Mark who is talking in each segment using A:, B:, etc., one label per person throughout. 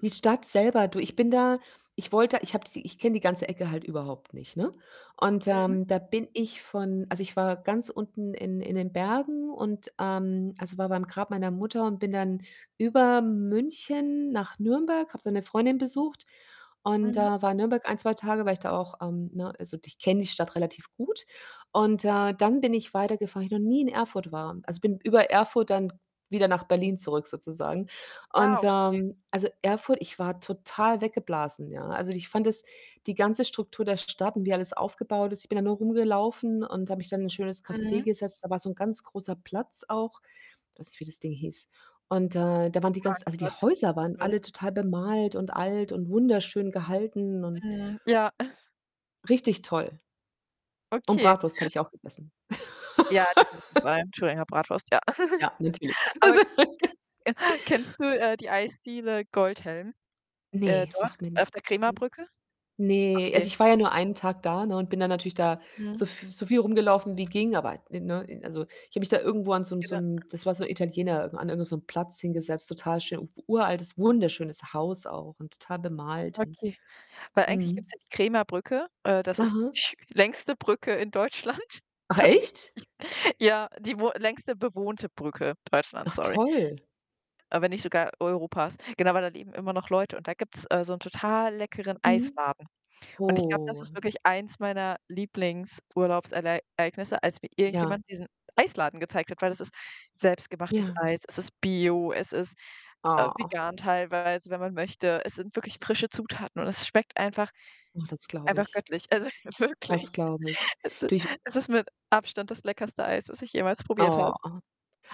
A: Die Stadt selber du, ich bin da ich wollte ich habe die ich kenne die ganze Ecke halt überhaupt nicht, ne, und
B: Mhm.
A: ähm, da bin ich von also, ich war ganz unten in in den Bergen und ähm, also, war bei meinem Grab meiner Mutter und bin dann über München nach Nürnberg, habe da 'ne Freundin besucht und, äh,
B: Mhm.
A: war in Nürnberg 1, 2 Tage, weil ich da auch, ähm, ne also, ich kenne die Stadt relativ gut und, äh, dann bin ich weitergefahren, weil ich noch nie in Erfurt war. Also, bin über Erfurt dann wieder nach Berlin zurück sozusagen
B: Ah,
A: und,
B: okay.
A: ähm, also, Erfurt ich war total weggeblasen, ja. Also, ich fand das die ganze Struktur der Stadt und wie alles aufgebaut ist ich bin da nur rumgelaufen und habe mich dann in ein schönes Café
B: Mhm.
A: gesetzt. Da war so 'n ganz großer Platz auch. Weiß nicht, wie das Ding hieß. Und, äh, da waren die ganz also, die
B: Marktplatz.
A: Häuser waren
B: [unintelligible]
A: alle total bemalt und alt und wunderschön gehalten und
B: Mhm, ja.
A: Richtig toll. Und
B: Okay.
A: Bratwurst habe ich auch gegessen.
B: Ja, das muss [unintelligible] sein. Thüringer Bratwurst, ja.
A: Ja, natürlich.
B: Aber
A: Also
B: ke kennst du, äh, die Eisdiele Goldhelm, äh,
A: Ne,
B: dort
A: sagt mir n
B: auf der
A: [unintelligible]
B: Krämerbrücke?
A: ne, also,
B: Okay.
A: ich war ja nur 1 Tag da, ne, und bin dann natürlich da
B: Mhm.
A: so f so viel rumgelaufen wie ging, aber ne ne also, ich habe mich da irgendwo an so 'n so
B: [unintelligible]
A: 'n das war so 'n Italiener, an irgend so 'nem Platz hingesetzt, total schön uf uraltes, wunderschönes Haus auch und total bemalt und
B: Okay, weil eigentlich gibt's
A: mhm.
B: ja die Krämerbrücke. Äh, das ist
A: Aha.
B: die längste Brücke in Deutschland
A: Ach,
B: tatsächlich.
A: echt?
B: Ja, die wo längste bewohnte Brücke Deutschlands,
A: Ach
B: sorry.
A: toll.
B: Äh, wenn nicht sogar Europas. Genau, weil da leben immer noch Leute und da gibt's, äh, so 'n total leckeren
A: Mhm.
B: Eisladen und ich glaube, das
A: Oh.
B: ist wirklich eins meiner Lieblingsurlaubsereignisse, als mir
A: Ja.
B: irgendjemand diesen Eisladen gezeigt hat, weil das ist selbstgemachtes
A: Ja.
B: Eis. Es ist bio, es ist, äh,
A: Ach.
B: vegan teilweise, wenn man möchte. Es sind wirklich frische Zutaten und es schmeckt einfach
A: Oh, das glaube
B: einfach
A: ich
B: göttlich, also,
A: das
B: wirklich.
A: glaube ich.
B: Es i
A: Du ich
B: es ist mit Abstand das leckerste Eis, was ich jemals probiert habe.
A: Ah.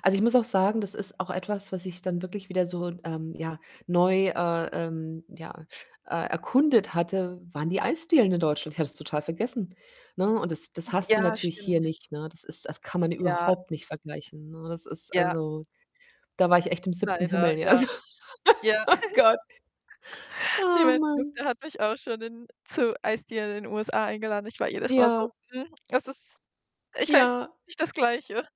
A: Also, ich muss auch sagen, das ist auch etwas, was ich dann wirklich wieder so, ähm, ja, neu, äh, ähm, ja, äh, erkundet hatte waren die Eisdielen in Deutschland. Ich hatte das total vergessen, ne, und das das
B: Mhm,
A: hast du
B: ja,
A: natürlich hier
B: stimmt.
A: nicht, ne? Das ist das kann man
B: Ja.
A: überhaupt nicht vergleichen, ne? Das ist,
B: Ja.
A: also da war ich echt im 7.
B: Leider,
A: Himmel, ja,
B: ja,
A: so
B: ja.
A: Gott. Oh Mann.
B: [unintelligible] hat mich auch schon in zu Eisdielen in USA eingeladen. Ich war jedes Mal
A: Ja.
B: so: „Mhm, es ist ich weiß
A: Ja.
B: [unintelligible] nicht das Gleiche.“